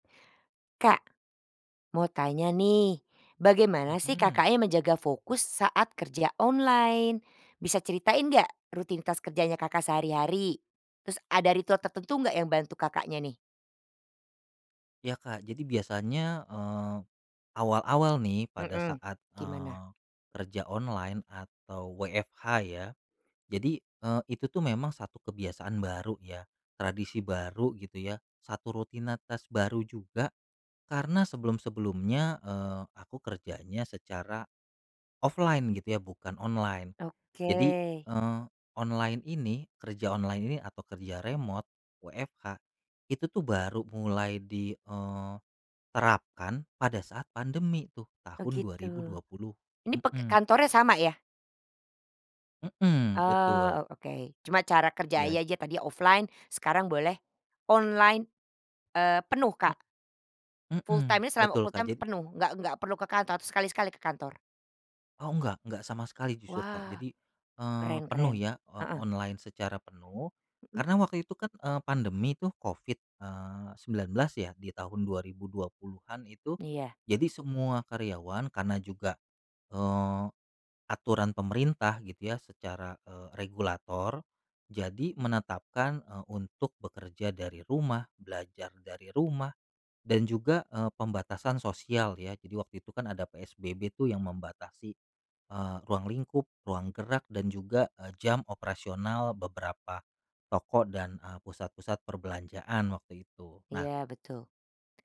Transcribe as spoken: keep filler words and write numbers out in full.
Kak, mau tanya nih. Bagaimana sih Mhm. Kakaknya menjaga fokus saat kerja online? Bisa ceritain nggak rutinitas kerjanya Kakak sehari-hari? Terus ada ritual tertentu nggak yang bantu Kakaknya nih? Iya, Kak. Jadi biasanya, eee, awal-awal nih pada Mhm, saat, gimana? eee, kerja online atau WFH ya. Jadi, eee, itu tuh memang satu kebiasaan baru ya, tradisi baru gitu ya, satu rutinatas baru juga karena sebelum-sebelumnya, eee, aku kerjanya secara offline gitu ya bukan online. Jadi, Oke. eee, online ini, kerja online ini atau kerja remote, WFH, itu tuh baru mulai di, eee, terapkan pada saat pandemi tuh Oh tahun dua gitu. ribu dua puluh Ini pek Mhm. kantornya sama ya? Mhm, betul. Oh, o oke. Cuman cara kerja Iya. ya aja tadi offline sekarang boleh online, eee, penuh, He Kak? Full heeh. time-nya selama Betul Kak full-time tuh jad penuh? Nggak nggak perlu ke kantor, atau sekali-sekali ke kantor? Oh enggak enggak sama sekali jujur, Kak. Wah, Jadi, eee, keren penuh keren. ya o Heeh. online secara penuh, Mhm. karena waktu itu kan, eee, pandemi tuh Covid, eee, 19 ya, di tahun dua ribu dua puluhan itu. Iya. Jadi semua karyawan karena juga, eee, aturan pemerintah gitu ya secara, eee, regulator. Jadi menetapkan, eee, untuk bekerja dari rumah, belajar dari rumah, dan juga, eee, pembatasan sosial ya. Jadi waktu itu kan ada PSBB tuh yang membatasi, eee, ruang lingkup, ruang gerak, dan juga, eee, jam operasional beberapa toko dan, eee, pusat-pusat perbelanjaan waktu itu. Nah Iya, betul.